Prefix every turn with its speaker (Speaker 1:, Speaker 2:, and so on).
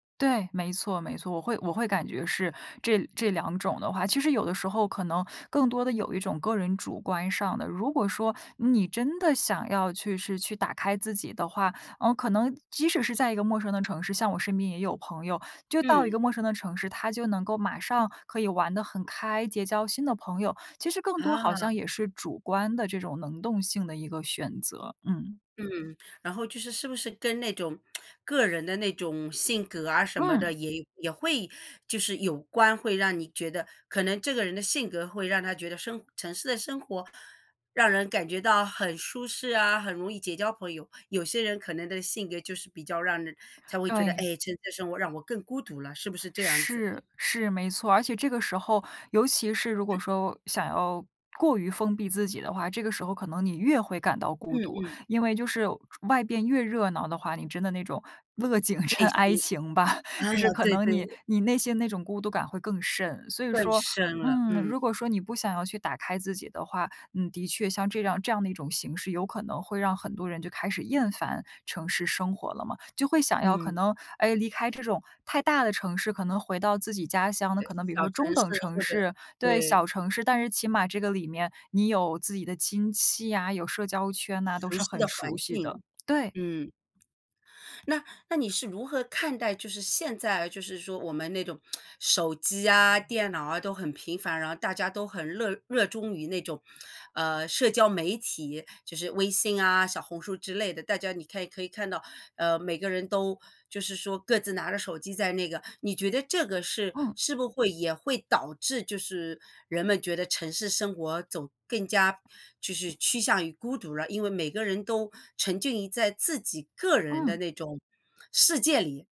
Speaker 1: 对，没错没错，我会我会感觉是这这两种的话其实有的时候可能更多的有一种个人主观上的如果说你真的想要去是去打开自己的话，呃，可能即使是在一个陌生的城市像我身边也有朋友，就到一个
Speaker 2: 嗯。
Speaker 1: 陌生的城市，他就能够马上可以玩得很开，结交新的朋友。其实更多好
Speaker 2: 啊。
Speaker 1: 像也是主观的这种能动性的一个选择，嗯。
Speaker 2: 嗯，然后就是是不是跟那种 个人的那种性格啊什么的，
Speaker 1: 嗯。
Speaker 2: 也也会就是有关，会让你觉得可能这个人的性格会让他觉得生城市的生活，让人感觉到很舒适啊，很容易结交朋友。有些人可能的性格就是比较让人才会觉得，唉，
Speaker 1: 对。
Speaker 2: 城市的生活让我更孤独了，是不是这样子？
Speaker 1: 是是，没错。而且这个时候，尤其是如果
Speaker 2: 嗯。
Speaker 1: 说想要过于封闭自己的话，这个时候可能你越会感到
Speaker 2: 嗯
Speaker 1: 孤独。
Speaker 2: 嗯。
Speaker 1: 因为就是外边越热闹的话，你真的那种乐景生
Speaker 2: 内
Speaker 1: 哀
Speaker 2: 心。
Speaker 1: 情吧，
Speaker 2: 啊，
Speaker 1: 就是可
Speaker 2: 对
Speaker 1: 能
Speaker 2: 对。
Speaker 1: 你你内心那种孤独感会更甚。所以
Speaker 2: 更
Speaker 1: 说，
Speaker 2: 深了，
Speaker 1: 嗯，如
Speaker 2: 嗯。
Speaker 1: 果说你不想要去打开自己的话，你的确像这样这样的一种形式有可能会让很多人就开始厌烦城市生活了嘛。就会想要可
Speaker 2: 嗯。
Speaker 1: 能，哎，离开这种太大的城市，可能回到自己家乡的
Speaker 2: 对，
Speaker 1: 可能比如
Speaker 2: 小
Speaker 1: 说中
Speaker 2: 城市
Speaker 1: 等城
Speaker 2: 或者
Speaker 1: 市对，
Speaker 2: 对。
Speaker 1: 小城市。但是起码这个里面，你有自己的亲戚啊，有社交圈啊，都
Speaker 2: 熟
Speaker 1: 是
Speaker 2: 悉的
Speaker 1: 很熟
Speaker 2: 环
Speaker 1: 悉的。
Speaker 2: 境，
Speaker 1: 对。
Speaker 2: 嗯。那那你是如何看待就是现在就是说我们那种 手机啊，电脑啊都很频繁，然后大家都很乐热衷于那种，呃，社交媒体，就是微信啊、小红书之类的。大家你看可以看到，呃，每个人都就是说各自拿着手机在那个你觉得这个是
Speaker 1: 嗯。
Speaker 2: 是不会也会导致就是人们觉得城市生活走更加就是趋向于孤独了？因为每个人都沉浸于在自己个人的
Speaker 1: 嗯。
Speaker 2: 那种世界里。